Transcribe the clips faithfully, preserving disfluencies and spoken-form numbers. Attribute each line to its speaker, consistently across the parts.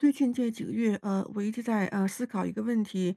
Speaker 1: 最近这几个月，呃，我一直在呃，思考一个问题。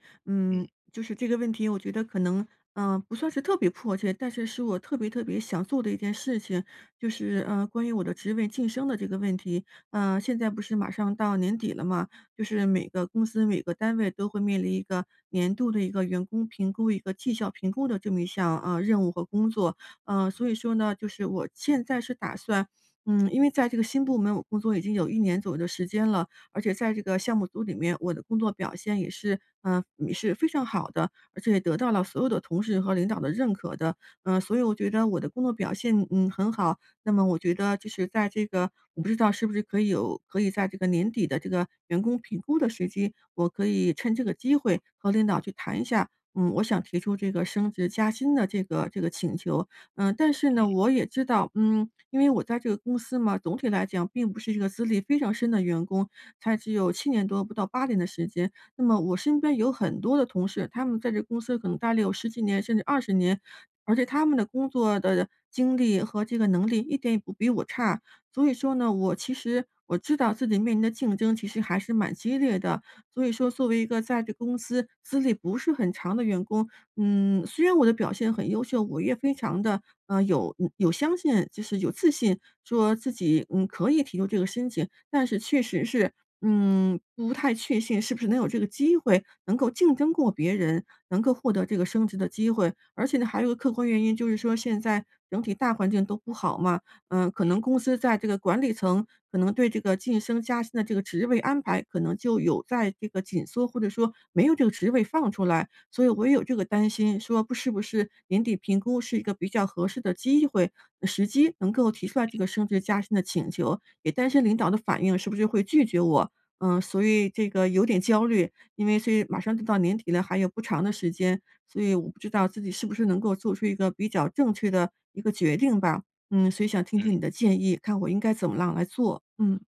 Speaker 2: 嗯。
Speaker 1: 嗯，就是这个问题我觉得可能呃，不算是特别迫切，但是是我特别特别想做的一件事情，就是呃，关于我的职位晋升的这个问题。呃，现在不是马上到年底了吗？就是每个公司、每个单位都会面临一个年度的一个员工评估、一个绩效评估的这么一项呃，任务和工作。呃，
Speaker 2: 嗯。
Speaker 1: 所以说呢，就是我现在是打算嗯，因为在这个新部门我工作已经有一年左右的时间了，而且在这个项目组里面，我的工作表现也是嗯，也是非常好的。而且也得到了所有的同事和领导的认可的。呃，所以我觉得我的工作表现嗯，很好。那么我觉得就是在这个我不知道是不是可以有可以在这个年底的这个员工评估的时机，我可以趁这个机会和领导去谈一下，嗯，我想提出这个升职加薪的这个这个请求。呃，但是
Speaker 2: 嗯。
Speaker 1: 呢，我也知道嗯，因为我在这个公司嘛，总体来讲并不是一个资历非常深的员工，才只有七年多，不到八年的时间。那么我身边有很多的同事，他们在这公司可能呆了有十几年甚至二十年，而且他们的工作的经历和这个能力一点也不比我差。所以说呢，我其实，我知道自己面临的竞争其实还是蛮激烈的。所以说，作为一个在这公司资历不是很长的员工嗯，虽然我的表现很优秀，我也非常地呃，有，嗯，有相信就是有自信说自己嗯，可以提出这个申请。但是确
Speaker 2: 嗯。
Speaker 1: 实是嗯，不太确信是不是能有这个机会，能够竞争过别人，能够获得这个升职的机会。而且呢，还有一个客观原因，就是说现在整体大环境都不好嘛，嗯，可能
Speaker 2: 嗯。
Speaker 1: 公司在这个管理层，可能对这个晋升加薪的这个职位安排，可能就有在这个紧缩，或者说没有这个职位放出来。所以我也有这个担心说，不是不是年底评估是一个比较合适的机会，嗯，时机能够提出来这
Speaker 2: 嗯。
Speaker 1: 个升职加薪的请求，也担心领导的反应是不是会拒绝我，嗯。所以这个有点焦虑。因为所以马上就到年底了，还有不长的时间，所以我不知道自己是不是能够做出一个比较正确的一个决定吧。嗯，所以想听听
Speaker 2: 嗯。
Speaker 1: 你的建议，看我应该怎么样来做。嗯。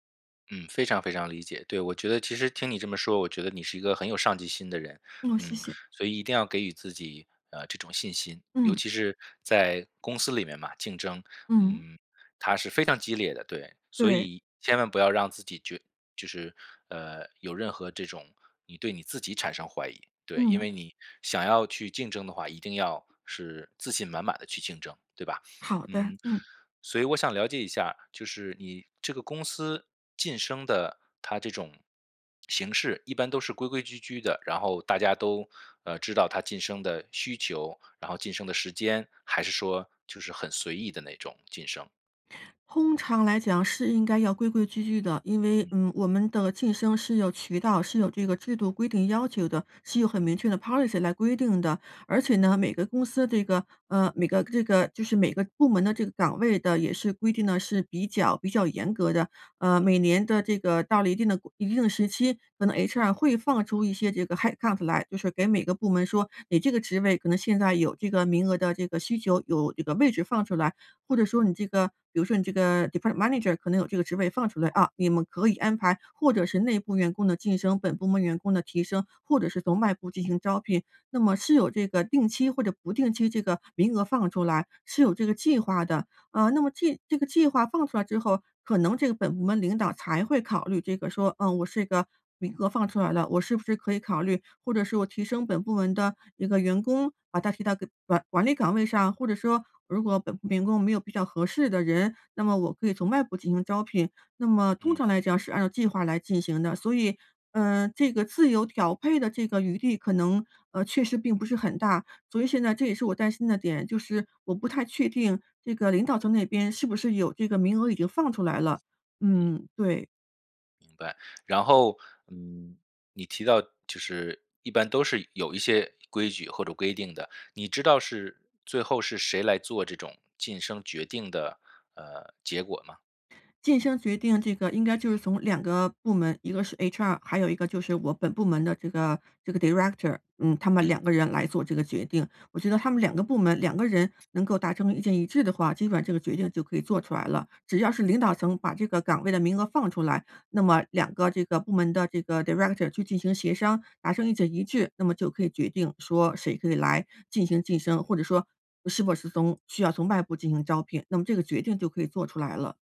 Speaker 2: 嗯，非常非常理解。对，我觉得其实听你这么说，我觉得你是一个很有上进心的人，
Speaker 1: 哦，谢
Speaker 2: 嗯，
Speaker 1: 谢。
Speaker 2: 所以一定要给予自己，呃，这种信心。尤
Speaker 1: 嗯。
Speaker 2: 其是在公司里面嘛，竞争，
Speaker 1: 嗯。
Speaker 2: 嗯，它是非常激烈的，对，所
Speaker 1: 对。
Speaker 2: 以千万不要让自己觉就是，呃，有任何这种你对你自己产生怀疑，对，因
Speaker 1: 嗯。
Speaker 2: 为你想要去竞争的话，一定要是自信满满地去竞争，对吧？
Speaker 1: 好的，
Speaker 2: 嗯，
Speaker 1: 嗯。
Speaker 2: 所以我想了解一下，就是你这个公司晋升的它这种形式，一般都是规规矩矩的，然后大家都，呃，知道它晋升的需求，然后晋升的时间，还是说就是很随意的那种晋升？
Speaker 1: 通常来讲是应该要规规矩矩的，因为，
Speaker 2: 嗯。
Speaker 1: 嗯，我们的晋升是有渠道，是有这个制度规定要求的，是有很
Speaker 2: 嗯。
Speaker 1: 明确的 policy 来规定的。而且
Speaker 2: 嗯。
Speaker 1: 呢，每个公司得个呃，每个这个就是每个部门的这个岗位的也是规定的是比较比较严格的。呃，
Speaker 2: 嗯。
Speaker 1: 每年的这个到了一定的规一定的时期，可能 HR 会放出一些这个 headcount 来就是给每个部门说你这个职位可能现在有这个名额的这个需求，有这个位置放出来，或者说你
Speaker 2: 嗯。
Speaker 1: 这个比如说你这个 department manager 可能有这个职位放出来啊，你们可以安排或者是内部员工的晋升、本部门员工的提升，或者是从外部进行招聘，那么是有这个定期或者不定期这个名额放出来是有这个计划的。啊，那么这这个计划放出来之后，可能这个本部门领导才会考虑这个说，呃，我是一个名额放出来了，我是不是可以考虑，或者是我提升本部门的一个员工，把他提到个管管理岗位上，或者说如果本部员工没有比较合适的人，那么我可以从外部进行招聘，那么通
Speaker 2: 嗯。
Speaker 1: 常来讲是按照计划来进行的，所以，呃，这个自由调配的这个余地可能，呃，确实并不是很大。所以现在这也是我担心的点，就是我不太确定这个领导层那边是不是有这个名额已经放出来了，
Speaker 2: 嗯。
Speaker 1: 嗯，对。
Speaker 2: 明白，然后，嗯，你提到就是，一般都是有一些规矩或者规定的，你知道是最后是谁来做这种晋升决定的，呃，结果吗？
Speaker 1: 晋升决定这个应该就是从两个部门，一个是 HR，还有一个就是我本部门的这个这个 director，嗯，他们两
Speaker 2: 嗯。
Speaker 1: 个人来做这个决定，我觉得他们两个部门两个人能够达成意见一致的话，基本上这个决定就可以做出来了，只要是领导层把这个岗位的名额放出来，那么两个这个部门的这个 director 去进行协商，达成意见一致，那么就可以决定说谁可以来进行晋升，或者说是不是从需要从外部进行招聘，那么这个决定就可以做出来了。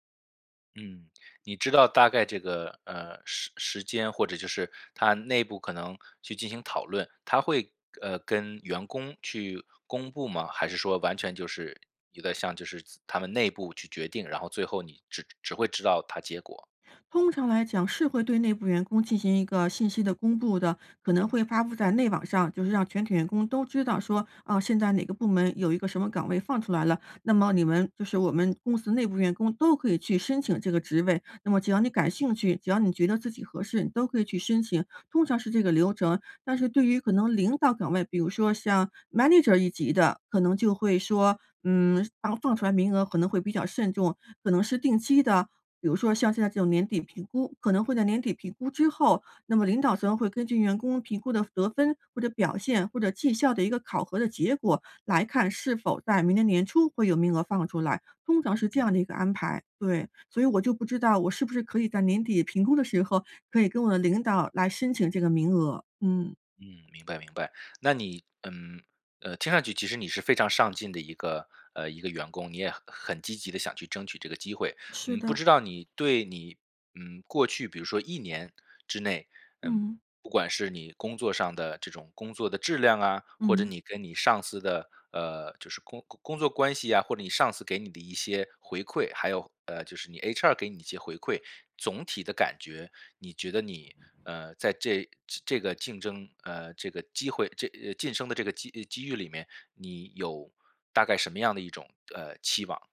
Speaker 2: 嗯，你知道大概这个，呃，时时间或者就是他内部可能去进行讨论他会，呃，跟员工去公布吗？还是说完全就是有点像就是他们内部去决定，然后最后你只只会知道他结果。
Speaker 1: 通常来讲，是会对内部员工进行一个信息的公布的，可能
Speaker 2: 嗯。
Speaker 1: 会发布在内网上。就是让全体员工都知道说，哦，现在哪个部门有一个什么岗位放出来了，那么你
Speaker 2: 嗯。
Speaker 1: 们就是我们公司内部员工都可以去申请这个职位。那么只要
Speaker 2: 嗯。
Speaker 1: 你感兴趣，只要你觉得自己合适，你都可以去申请。通常是这个流程。但是对于可能领导岗位，比如说像 manager 一级的，可能就会说，嗯，放出来名额可能会比较慎重。可能是定期的比如说像现在这种年底评估可能会在年底评估之后，那么领导层会根据员工评估的得分，或者表现，或者绩效的一个考核的结果来看，是否在明年年初会有名额放出来，通常是这
Speaker 2: 嗯。
Speaker 1: 样的一个安排。对，所以我就不知道我是不是可以在年底评估的时候，可以跟我的领导来申请这个名额，嗯。
Speaker 2: 嗯，明白明白，那你，嗯，呃，听上去其实你是非常上进的一个呃，一个员工，你也很积极地想去争取这个机会。
Speaker 1: 是
Speaker 2: 嗯，不
Speaker 1: 的。
Speaker 2: 知道你对你，嗯，过去比如说一年之内，嗯，
Speaker 1: 嗯。
Speaker 2: 不管是你工作上的这种工作的质量啊，或者
Speaker 1: 嗯。
Speaker 2: 你跟你上司的，呃，就是工工作关系呀，或者你上次给你的一些回馈还有，呃，就是你 HR 给你一些回馈。总体的感觉，你觉得你，呃，在这这个竞争呃，这个机会晋升的这个机机遇里面，你有大概什么样的一种，呃，期望。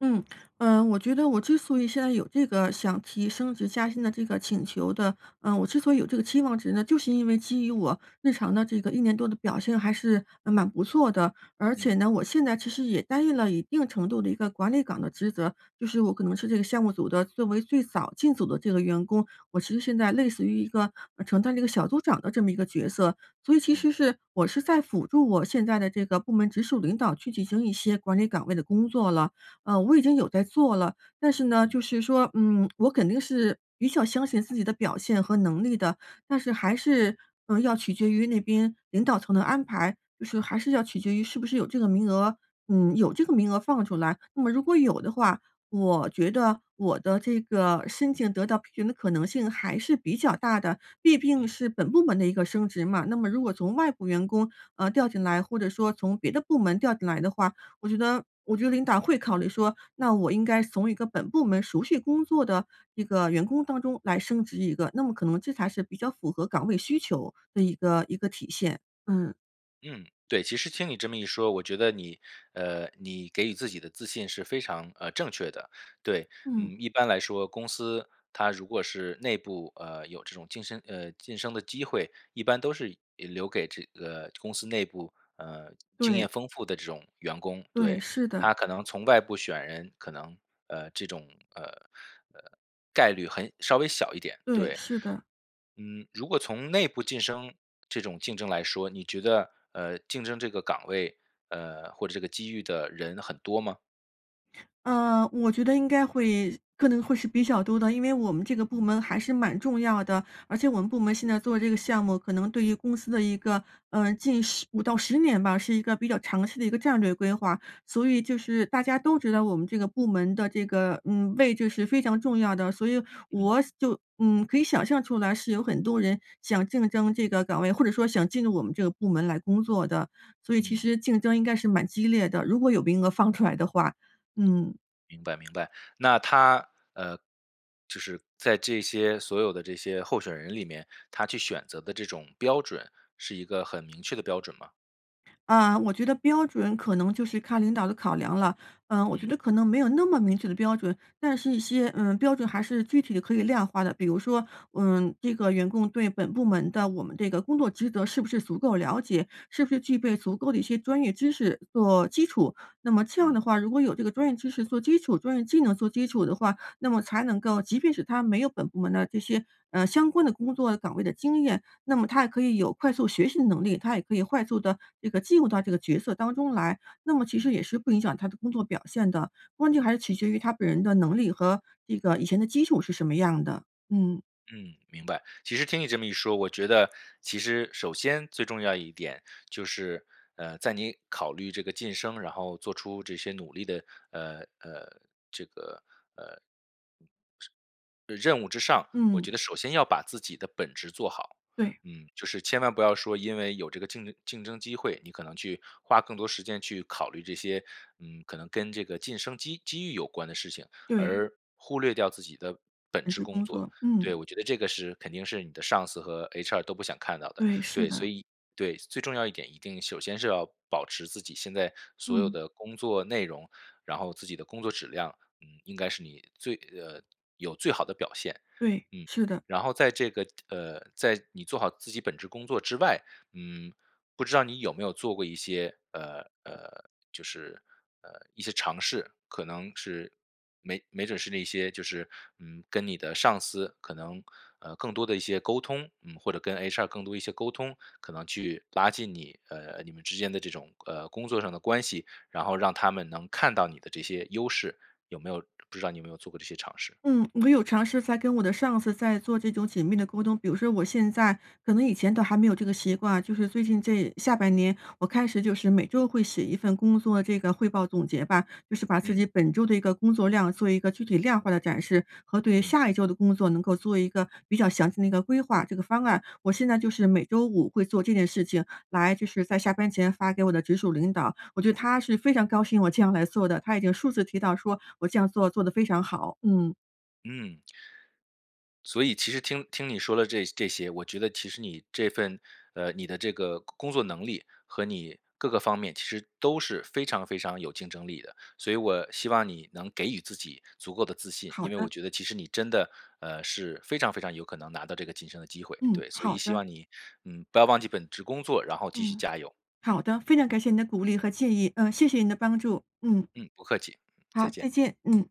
Speaker 1: 嗯，呃，我觉得我之所以现在有这个想提升职加薪的这个请求的呃，我之所以有这个期望值呢？就是因为基于我日常的这个一年多的表现还是，嗯，蛮不错的。而
Speaker 2: 嗯。
Speaker 1: 且呢，我现在其实也担印了一定程度的一个管理岗的职责。就是我可能是这个项目组的作为最早进组的这个员工，我其实现在类似于一个呃，承担了一个小组长的这么一个角色。所以其
Speaker 2: 嗯。
Speaker 1: 实是我是在辅助我现在的这个部门直属领导去进行一些管理岗位的工作了，呃，我已经有在做了。但是呢
Speaker 2: 嗯。
Speaker 1: 就是说，嗯，我肯定是比较相信自己的表现和能力的，但是还是，呃，要取决于那边领导层的安排，就是还是要取决于是不是有这个名额嗯，有这个名额放出来，那么如果有的话，我觉得我的这个申请得到批准的可能性还是比较大的，毕病
Speaker 2: 嗯。
Speaker 1: 是本部门的一个升职嘛。那么如果从外部员工，呃，调进来，或者说从别的部门调进来的话，我觉得我觉得领导会考虑说，那我应该从一个本部门熟悉工作的一个员工当中来升职一个，那么可能这才是比较符合岗位需求的一个一个体现，嗯。
Speaker 2: 嗯，对，其实听你这么一说，我觉得你呃，你给予自己的自信是非常呃，正确的。对，
Speaker 1: 嗯。
Speaker 2: 嗯，一般来说公司它如果是内部呃，有这种晋升呃，晋升的机会，一般都是留给这个公司内部呃，经验
Speaker 1: 对。
Speaker 2: 丰富的这种员工。
Speaker 1: 对，
Speaker 2: 对，
Speaker 1: 是的。
Speaker 2: 它可能从外部选人可能呃，这种呃，呃，概率很稍微小一点。
Speaker 1: 对，
Speaker 2: 对。
Speaker 1: 是的。
Speaker 2: 嗯，如果从内部晋升，这种竞争来说，你觉得呃，竞争这个岗位呃，或者这个机遇的人很多吗？
Speaker 1: 呃，我觉得应该会可能会是比较多的。因为我们这个部
Speaker 2: 嗯。
Speaker 1: 门还是蛮重要的，而且我们部门现在做这个项目，可能对于公司的一个呃，近十五到十年吧，是一个比较长期的一个战略规划，所以就是大家都知道我们这个部门的这个嗯，位置是非常重要的，所以
Speaker 2: 嗯。
Speaker 1: 我就嗯，可以想象出来，是有很多人想竞争这个岗位，或者说想进入我们这个部门来工作的，所以其
Speaker 2: 嗯。
Speaker 1: 实竞争应该是蛮激烈的，如果有名额放出来的话，嗯。
Speaker 2: 明白明白。那它呃，就是在这些所有的这些候选人里面，它去选择的这种标准，是一个很明确的标准吗？
Speaker 1: 啊，我觉得标准可能就是看领导的考量了。呃，我觉
Speaker 2: 嗯。
Speaker 1: 得可能没有那么明确的标准，但是一些呃，标准还是具体地可以量化的。比如说，嗯，这个员工对本部门的我们这个工作职责是不是足够了解？是不是具备足够的一些专业知识做基础？那么这样
Speaker 2: 嗯。
Speaker 1: 的话，如果有这个专业知识做基础、专业技能做基础的话，那么才能够既是他没有本部门的这些，呃，相关的工作岗位的经验，那么他也可以有快速学习的能力。他也可以快速地这个进入到这个角色当中来，那么其实
Speaker 2: 嗯。
Speaker 1: 也是不影响他的工作表现的。关键还是取决于他本人的能力和这个以前的基础是什么样的，嗯。
Speaker 2: 嗯，明白。其实听你这么一说，我觉得其实首先最重要一点，就是，呃，在你考虑这个晋升，然后做出这些努力的呃呃，这个呃，嗯，之任务之上，我
Speaker 1: 嗯。
Speaker 2: 觉得首先要把自己的本职做好。
Speaker 1: 对。
Speaker 2: 嗯，就是千万不要说因为有这个竞争竞争机会，你可能去花更多时间去考虑这些，嗯，可能跟这个晋升机机遇有关的事情，
Speaker 1: 对。
Speaker 2: 而忽略掉自己的本
Speaker 1: 每
Speaker 2: 职
Speaker 1: 次
Speaker 2: 工
Speaker 1: 工
Speaker 2: 作
Speaker 1: 作，
Speaker 2: 对，我
Speaker 1: 嗯。
Speaker 2: 觉得这个是肯定是你的上司和 HR 都不想看到的。
Speaker 1: 对，是
Speaker 2: 对，所
Speaker 1: 的。
Speaker 2: 以对，最重要一点一定首先是要保持自己现在所有
Speaker 1: 嗯。
Speaker 2: 的工作内容，然后自己的工作质量，嗯，应该是你最呃，有最好的表现，
Speaker 1: 对，
Speaker 2: 嗯。
Speaker 1: 是的。
Speaker 2: 然后在这个，呃，在你做好自己本职工作之外，嗯，不知道你有没有做过一些呃呃，就是，呃，一些尝试？可能是没没准是那些就是，嗯，跟你的上司可能，呃，更多地一些沟通，嗯，或者跟 HR 更多一些沟通，可能去拉近你，呃呃，你们之间的这种，呃，工作上的关系。然后让他们能看到你的这些优势，有没有不知道你有没有做过这些尝试？
Speaker 1: 嗯，我有尝试在跟我的上司在做这种紧密地沟通。比如说我现在可能以前都还没有这个习惯，就是最近这下半年我开始就是每周会写一份工作这个汇报总结吧，就是把自
Speaker 2: 嗯。
Speaker 1: 己本周的一个工作量做一个具体量化的展示，和对
Speaker 2: 嗯。
Speaker 1: 下一周的工作能够做一个比较详细的一个规划、这个方案。我现在就是每周五会做这件事情来就是在下班前发给我的直属领导。我觉得他是非常高兴我这样来做的，他已经数次提到说我这样做做得非常好。嗯。
Speaker 2: 嗯。所以其实听听你说的这这些，我觉得其实你这份呃，你的这个工工作能力和你各个方面其实都是非常非常有竞争力的。所以我希望你能给予自己足够的自信，
Speaker 1: 好
Speaker 2: 因为我
Speaker 1: 的。
Speaker 2: 觉得其实你真的，呃，是非常非常有可能拿到这个晋升的机会。
Speaker 1: 嗯，
Speaker 2: 对，所以
Speaker 1: 好
Speaker 2: 希
Speaker 1: 的。
Speaker 2: 望你，嗯，不要忘记本职工作，然后继续
Speaker 1: 嗯，
Speaker 2: 加油，嗯。
Speaker 1: 好的。非常感谢你的鼓励和建议，呃，谢谢你的帮助。嗯。
Speaker 2: 嗯，不客气，
Speaker 1: 嗯，
Speaker 2: 再
Speaker 1: 好，
Speaker 2: 见。
Speaker 1: 再见，嗯。